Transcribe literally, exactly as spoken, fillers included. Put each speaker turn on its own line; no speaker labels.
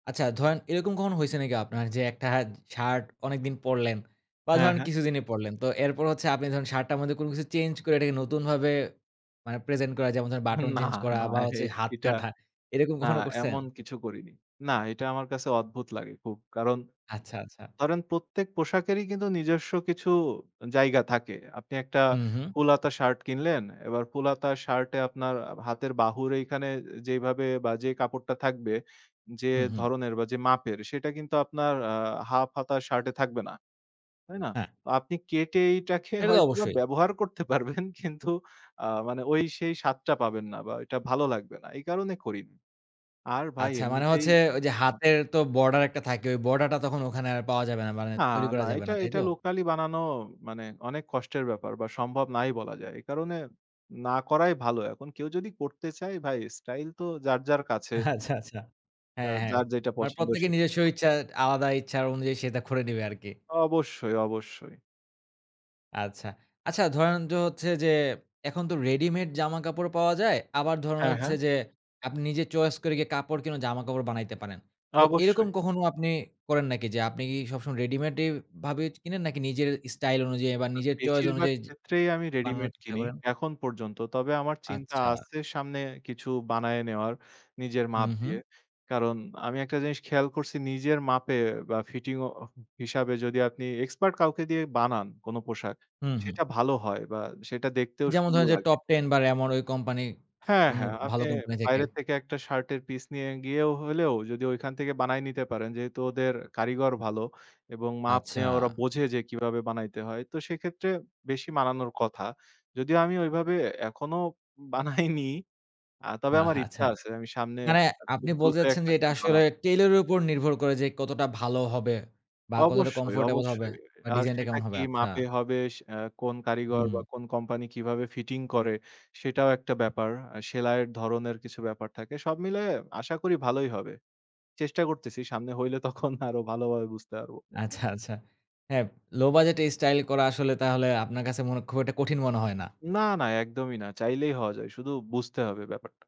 আচ্ছা, ধরেন এরকম কখন হইসে নাকি আপনার যে একটা হাত শার্ট অনেকদিন পড়লেন। বা
হ্যাঁ,
ধরেন
হ্যাঁ।
কিছুদিনই পড়লেন। তো এরপর হচ্ছে আপনি ধরুন শার্টটার মধ্যে কোনো কিছু চেঞ্জ করে এটাকে নতুনভাবে আ প্রেজেন্ট করা, যেমন বাটন
না,
চেঞ্জ করা
না
বা হাত
এটা
কাটা এরকম
আ
কখনো করসেন?
এমন কিছু করিনি। না, এটা আমার কাছে অদ্ভুত লাগে খুব। কারণ
আচ্ছা, আচ্ছা।
ধরেন প্রত্যেক পোশাকেরই কিন্তু নিজস্ব কিছু জায়গা থাকে। আপনি একটা
হুম, হুম।
ফুল হাতা শার্ট কিনলেন। এবার ফুল হাতা শার্টে আপনার হাতের বাহুর এখানে যেভাবে বা যে কাপড়টা থাকবে যে
হুম, হুম।
ধরনের বা যে মাপের সেটা কিন্তু আপনার আ হাফ হাতা শার্ট এ থাকবে না। তাই না?
হ্যাঁ।
আপনি কেটে এইটাকে
সে তো
হয়তোবা
অবশ্যই।
ব্যবহার করতে পারবেন কিন্তু আ মানে সেই স্বাদটা পাবেন না বা এটা ভালো লাগবে না। এই কারণে করিনি আর ভাই
আচ্ছা, মানে
এমনিতেই
হচ্ছে ওই যে হাতের তো বর্ডার একটা থাকে। ওই বর্ডার টা তখন ওখানে পাওয়া যাবে না। মানে
না,
তৈরি করা
না
যাবে
এটা,
না। তাই
এটা
তো?
লোকালি বানানো মানে অনেক কষ্টের ব্যাপার বা সম্ভব নাই বলা যায়। এ কারণে না করাই ভালো। এখন কেউ যদি করতে চায় ভাই, স্টাইল তো যার, যার কাছে।
আচ্ছা, আচ্ছা, হ্যাঁ, হ্যাঁ
যার যেটা
মানে
পছন্দ
প্রত্যেকের
সেটা।
নিজস্ব ইচ্ছা আলাদা ইচ্ছা অনুযায়ী সে এটা করে নেবে আরকি।
অবশ্যই, অবশ্যই।
আচ্ছা, আচ্ছা ধরেন, দো হচ্ছে যে, এখন তো রেডিমেড জামাকাপড় পাওয়া যায়। আবার ধরেন
হ্যাঁ,
হচ্ছে
হ্যাঁ।
যে, আপনি নিজে চয়েস করে কাপড় কিনা জামা-কাপড় বানাইতে পারেন। তো এরকম
অবশ্যই।
কখনো আপনি করেন নাকি যে, আপনি কি সবসময় রেডিমেড ভাবে কিনেন নাকি নিজের স্টাইল অনুযায়ী বা নিজের চয়েস
বেশিরভাগ
অনুযায়ী
ক্ষেত্রেই আমি
বানানোর
রেডিমেড
চেষ্টা
কিনি
করেন।
এখন পর্যন্ত। তবে আমার চিন্তা
আচ্ছা।
আসে সামনে কিছু বানায় নেয়ার নিজের মাপ
হুম, হুম।
দিয়ে। কারণ আমি একটা জিনিস খেয়াল করসি নিজের মাপের বা ফিটিং ও হিসাবে যদি আপনি এক্সপার্ট কাউকে দিয়ে বানান কোন পোশাক
হুম, হুম।
সেটা ভালো হয় বা সেটা দেখতেও
যেমন
সুন্দর
ধরুন যে,
লাগে।
টপটেন বা র‍্যামন ওই কোম্পানি
হ্যাঁ,
অনু
হ্যাঁ,
ভালো
আপনি
কোম্পানি থেকে।
বাইরে থেকে এক টা শার্টের পিস নিয়ে গিয়েও হলেও যদি ওইখান থেকে বানায় নিতে পারেন, যেহেতু ওদের কারিগর ভালো এবং মাপ নিয়ে ওরা
আচ্ছা।
বোঝে যে, কিভাবে বানাইতে হয়। তো সেক্ষেত্রে বেশি বানানোর কথা। যদিও আমি ওইভাবে এখনো বানাইনি, তবে আমার
আহা, আচ্ছা,
ইচ্ছা আছে আমি সামনে
মানে আপনি
খুব
বলতে
দ্রুত এক
চাচ্ছেন
টা
যে, এটা
সেট
আসলে
বানাবো।
টেইলর এর উপর নির্ভর করে যে, কতটা ভালো হবে বা কতটা
অবশ্যই,
কমফোর্টেবল হবে
অবশ্যই।
বা
আর
ডিজাইনটা
সেটা
কেমন হবে?
কি
আচ্ছা।
মাপে হবে, এ কোন কারিগর
হুম।
বা কোন কোম্পানি কিভাবে ফিটিং করে সেটাও একটা ব্যাপার। সেলাইয়ের ধরনের কিছু ব্যাপার থাকে। সব মিলায় আশা করি ভালোই হবে। চেষ্টা করতেসি। সামনে হইলে তখন আরো ভালোভাবে বুঝতে পারব।
আচ্ছা, আচ্ছা। হ্যাঁ, লো বাজেট এই স্টাইল করা আসলে তাহলে আপনার কাছে খুব একটা কঠিন মনে হয় না।
না, না, একদমই না। চাইলেই হওয়া যায়। শুধু বুঝতে হবে ব্যাপারটা।